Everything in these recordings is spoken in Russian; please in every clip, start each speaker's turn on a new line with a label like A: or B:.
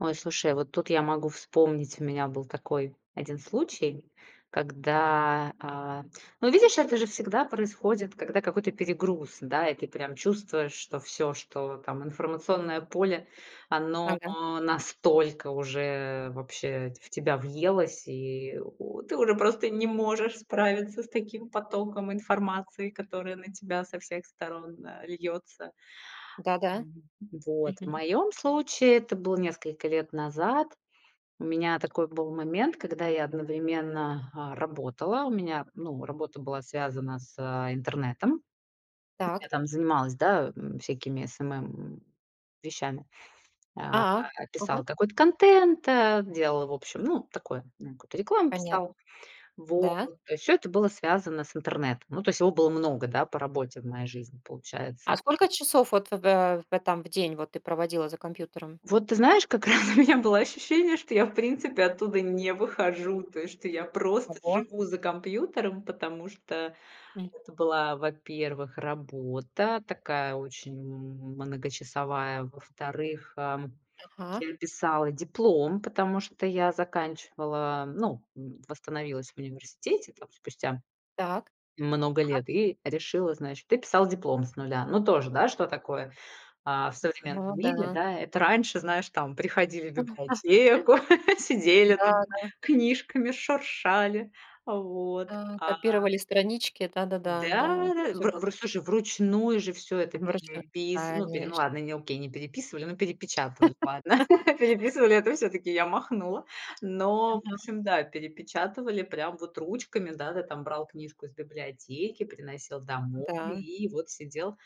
A: Ой, слушай, вот тут я могу вспомнить, у меня был такой 1 случай, когда, а Ну, видишь, это же всегда происходит, когда какой-то перегруз, да, и ты прям чувствуешь, что всё, что там информационное поле, оно
B: Ага.
A: настолько уже вообще в ть тебя въелось. И у ты уже просто не можешь справиться с таким потоком информации, которая на тебя со всех сторон, а, льется.
B: Да-да.
A: Ам, вот в
B: Мгм.
A: моем случае это было несколько лет назад. У меня такой был момент, когда я одновременно, а, работала. У меня, ну, работа была связана с, а, интернетом.
B: Так.
A: Я там занималась, да, м, всякими SMM вещами. А,
B: А.
A: писала
B: Ага.
A: какой-то контент, а, делала, в общем, ну, такое там, ну, какую-то рекламу писала.
B: Понятно.
A: Вот.
B: Да?
A: То есть всё это было связано с интернетом. Ну, то есть его было много, да, по работе в моей жизни,
B: А
A: получается.
B: сколько часов вот в, э, в этом в день вот ты проводила за компьютером?
A: Вот ты знаешь, как раз у меня было ощущение, что я, в принципе, оттуда не выхожу. То есть, что я просто
B: Ого.
A: живу за компьютером, потому что
B: М.
A: это была, во-первых, работа такая, очень м многочасовая. Во-вторых, ам,
B: Ага.
A: я писала диплом, потому что я заканчивала, ну, восстановилась в университете там спустя
B: Так.
A: много
B: Ага.
A: лет, и решила, значит и писала диплом с нуля. Ну тоже, да, что такое, а, в
B: М,
A: современном
B: ну
A: мире,
B: да.
A: да? Это раньше, знаешь, там приходили в библиотеку, сидели
B: Да,
A: там
B: да.
A: книжками шуршали. Вот,
B: А,
A: а
B: копировали странички. Да-да-да,
A: Да,
B: да. Это
A: да.
B: всё
A: Вр
B: было.
A: вр у, слушай, вручную же всё это
B: Заморочено,
A: перепис ну, пере ну,
B: конеч
A: ладно, не окей, не переписывали, но перепечатывали, ладно. Переписывали это всё-таки я махнула. Но, в
B: Мгм.
A: общем, да, перепечатывали прям вот ручками, да, ты там брал книжку из библиотеки, приносил домой
B: Да.
A: и вот сидел,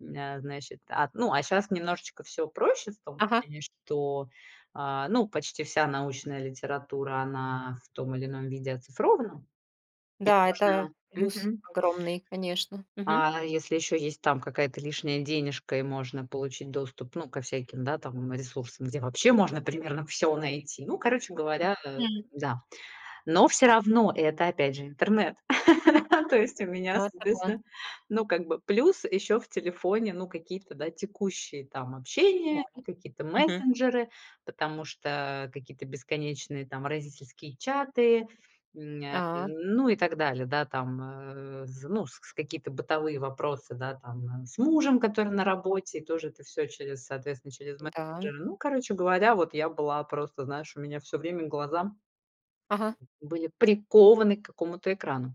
A: м, э, значит. А, ну, а щас немножечко всё проще, в том
B: Ага.
A: плане, что, а, ну, почти вся научная литература, она в том или ином виде оцифрована. И
B: Да, это
A: можно
B: плюс
A: мгм.
B: огромный, конечно. Мгм.
A: А если еще есть там какая-то лишняя денежка и можно получить доступ, ну, ко всяким, да, там, ресурсам, где вообще можно примерно всё найти. Ну, короче говоря, э,
B: Мгм.
A: да. Но всё равно это, опять же, интернет. То есть у меня,
B: Ну это да.
A: соответственно, ну, как бы плюс еще в телефоне, ну, какие-то, да, текущие там общения и какие-то
B: Мгм.
A: мессенджеры. Потому что какие-то бесконечные там родительские чаты, м, ня
B: А.
A: м, ну и так далее. Да, там, э, зн ну, с какие-то бытовые вопросы, да, там, э, с мужем, который на работе, и тоже это всё через, соответственно, через
B: М-да, м.
A: мессенджеры. Ну, короче говоря, вот я была просто, знаешь, у меня всё время глаза
B: Ага.
A: были прикованы к какому-то экрану.